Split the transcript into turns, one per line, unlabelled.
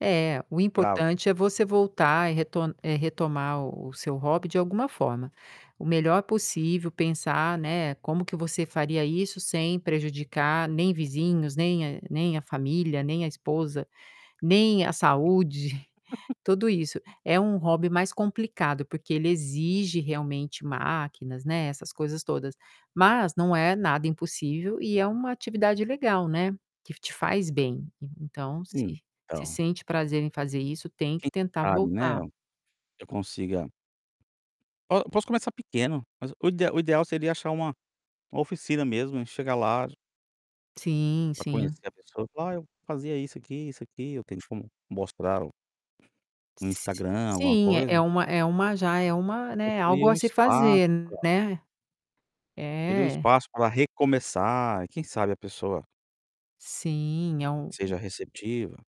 É, o
Bravo.
importante é você voltar e reto eh, retomar o o seu hobby de alguma forma. O melhor possível pensar, né, como que você faria isso sem prejudicar nem vizinhos, nem a nem a família, nem a esposa, nem a saúde, tudo isso. É um hobby mais complicado, porque ele exige realmente máquinas, né, essas coisas todas, mas não é nada impossível e é uma atividade legal, né, que f te faz bem, en então se se
Então.
sente prazer em fazer isso, tem que
Quem
tentar
sabe, né,
voltar.
eu consiga Oh, eu posso começar pequeno, mas o ideal o ideal seria achar uma uma oficina mesmo e chegar lá j
Sim,
para
sim.
conhecer a pessoa, falar: Ah, eu fazia isso aqui, isso aqui, eu tenho como mostrar o o
S
Instagram, alguma
sim é é
coisa.
uma é uma já, é uma,
Eu
né,
queria
algo a
um
se
espaço
fazer,
para
né.
queria um
É.
espaço para recomeçar e quem sabe a pessoa
Sim, é u
seja receptiva.